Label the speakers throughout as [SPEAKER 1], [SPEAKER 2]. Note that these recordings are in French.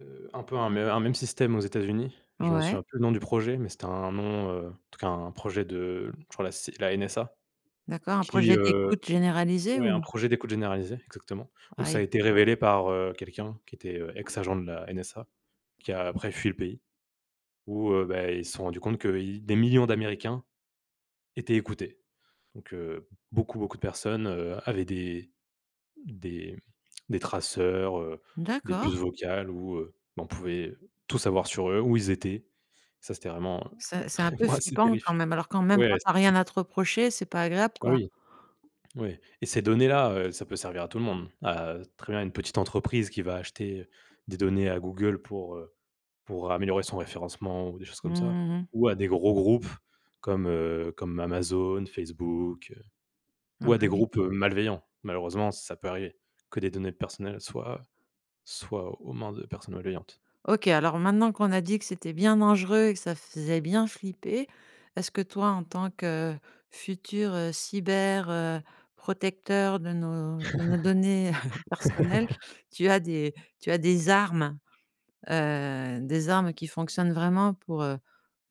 [SPEAKER 1] Heu, un peu un un me un même système aux États-Unis, je m'en
[SPEAKER 2] Ouais.
[SPEAKER 1] souviens plus le nom du projet, mais c'était un nom, heu, en tout cas un projet de je crois la C la NSA.
[SPEAKER 2] D'accord, un
[SPEAKER 1] Qui,
[SPEAKER 2] projet
[SPEAKER 1] heu
[SPEAKER 2] d'écoute généralisé
[SPEAKER 1] ouais, un
[SPEAKER 2] ou?
[SPEAKER 1] projet d'écoute généralisée, exactement. Où
[SPEAKER 2] Ah
[SPEAKER 1] ça a
[SPEAKER 2] oui.
[SPEAKER 1] été révélé par, heu, quelqu'un qui était, heu, ex-agent de la NSA, qui a après fui le pays. Où, heu, bah, ils se sont rendu compte que i des millions d'Américains étaient écoutés. Donc heu, beaucoup, beaucoup de personnes, heu, avaient des des des traceurs, heu, des puces
[SPEAKER 2] D'accord.
[SPEAKER 1] vocales, où heu, on pouvait tout savoir sur eux, où ils étaient. Ça c'était vraiment, heu,
[SPEAKER 2] C'est c'est un peu
[SPEAKER 1] ouais, c'est
[SPEAKER 2] flippant quand
[SPEAKER 1] terrifiant.
[SPEAKER 2] même. Alors, quand même quand
[SPEAKER 1] Ouais,
[SPEAKER 2] tu as rien
[SPEAKER 1] c'est
[SPEAKER 2] à te reprocher, c'est pas agréable,
[SPEAKER 1] Ah
[SPEAKER 2] quoi.
[SPEAKER 1] oui, ouais. Et ces données-là, heu, ça peut servir à tout le monde, à, très bien, une petite entreprise qui va acheter des données à Google pour pour, heu, améliorer son référencement ou des choses comme ça.
[SPEAKER 2] Mmh mh.
[SPEAKER 1] Ou à des gros groupes comme, heu, comme Amazon, Facebook, heu,
[SPEAKER 2] Ah,
[SPEAKER 1] ou à
[SPEAKER 2] bah
[SPEAKER 1] des
[SPEAKER 2] oui.
[SPEAKER 1] groupes malveillants. Malheureusement, ça peut arriver que des données personnelles soient soient aux mains de personnes malveillantes.
[SPEAKER 2] OK, alors maintenant, qu'on a dit que c'était bien dangereux et que ça faisait bien flipper, est-ce que, toi, en tant que futur, heu, cyber, heu, protecteur de nos de nos données personnelles, tu as des tu as des armes, heu, des armes qui fonctionnent vraiment pour, heu,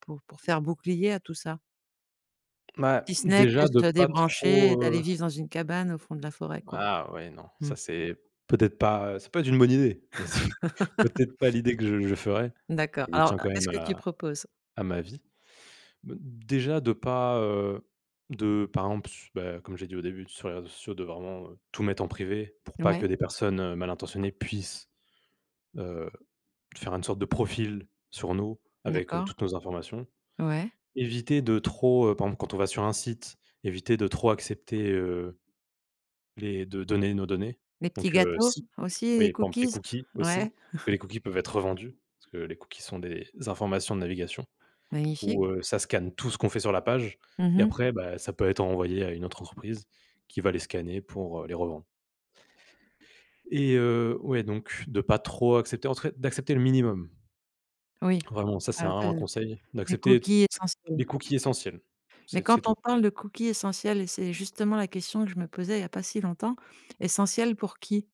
[SPEAKER 2] pour pour faire bouclier à tout ça?
[SPEAKER 1] Ouais,
[SPEAKER 2] Si ce n'est que
[SPEAKER 1] déjà de
[SPEAKER 2] de se
[SPEAKER 1] pas
[SPEAKER 2] débrancher et
[SPEAKER 1] trop,
[SPEAKER 2] d'aller
[SPEAKER 1] heu
[SPEAKER 2] vivre dans une cabane au fond de la forêt, quoi.
[SPEAKER 1] Ah ouais, non,
[SPEAKER 2] Mmh.
[SPEAKER 1] ça c'est peut-être pas ça peut être une bonne idée, mais c'est peut-être pas l'idée que je je ferai,
[SPEAKER 2] D'accord.
[SPEAKER 1] je
[SPEAKER 2] Alors,
[SPEAKER 1] tiens quand
[SPEAKER 2] qu'est-ce
[SPEAKER 1] même
[SPEAKER 2] que tu
[SPEAKER 1] à
[SPEAKER 2] proposes?
[SPEAKER 1] à ma vie. Mmh, déjà de pas, heu, de, par exemple, s bah, comme j'ai dit au début, sur les réseaux sociaux de vraiment, heu, tout mettre en privé pour pas que
[SPEAKER 2] Ouais.
[SPEAKER 1] des personnes malintentionnées puissent, heu, de faire une sorte de profil sur nous avec, heu,
[SPEAKER 2] D'accord.
[SPEAKER 1] toutes nos informations.
[SPEAKER 2] Ouais.
[SPEAKER 1] Éviter de trop, heu, par exemple quand on va sur un site, éviter de trop accepter, heu, les de donner nos données.
[SPEAKER 2] Les petits
[SPEAKER 1] Donc, heu,
[SPEAKER 2] gâteaux
[SPEAKER 1] si
[SPEAKER 2] aussi, les
[SPEAKER 1] oui par exemple les
[SPEAKER 2] cookies,
[SPEAKER 1] cookies aussi,
[SPEAKER 2] ouais.
[SPEAKER 1] parce que les cookies peuvent être revendus, parce que les cookies sont des informations de navigation
[SPEAKER 2] Magnifique.
[SPEAKER 1] où, heu, ça scanne tout ce qu'on fait sur la page
[SPEAKER 2] Mmh
[SPEAKER 1] et
[SPEAKER 2] mh.
[SPEAKER 1] après, bah, ça peut être envoyé à une autre entreprise qui va les scanner pour, heu, les revendre et heu, ouais, donc, de pas trop accepter en tout cas d'accepter le minimum
[SPEAKER 2] Oui.
[SPEAKER 1] vraiment, ça c'est
[SPEAKER 2] Ah
[SPEAKER 1] vraiment un
[SPEAKER 2] de
[SPEAKER 1] conseil
[SPEAKER 2] des
[SPEAKER 1] d'accepter,
[SPEAKER 2] cookies
[SPEAKER 1] tss,
[SPEAKER 2] essentiels,
[SPEAKER 1] les
[SPEAKER 2] quoi
[SPEAKER 1] cookies essentiels,
[SPEAKER 2] mais
[SPEAKER 1] c'est
[SPEAKER 2] quand
[SPEAKER 1] c'est tout.
[SPEAKER 2] on parle de cookies essentiels et c'est justement la question que je me posais, il y a pas si longtemps, essentiels pour qui?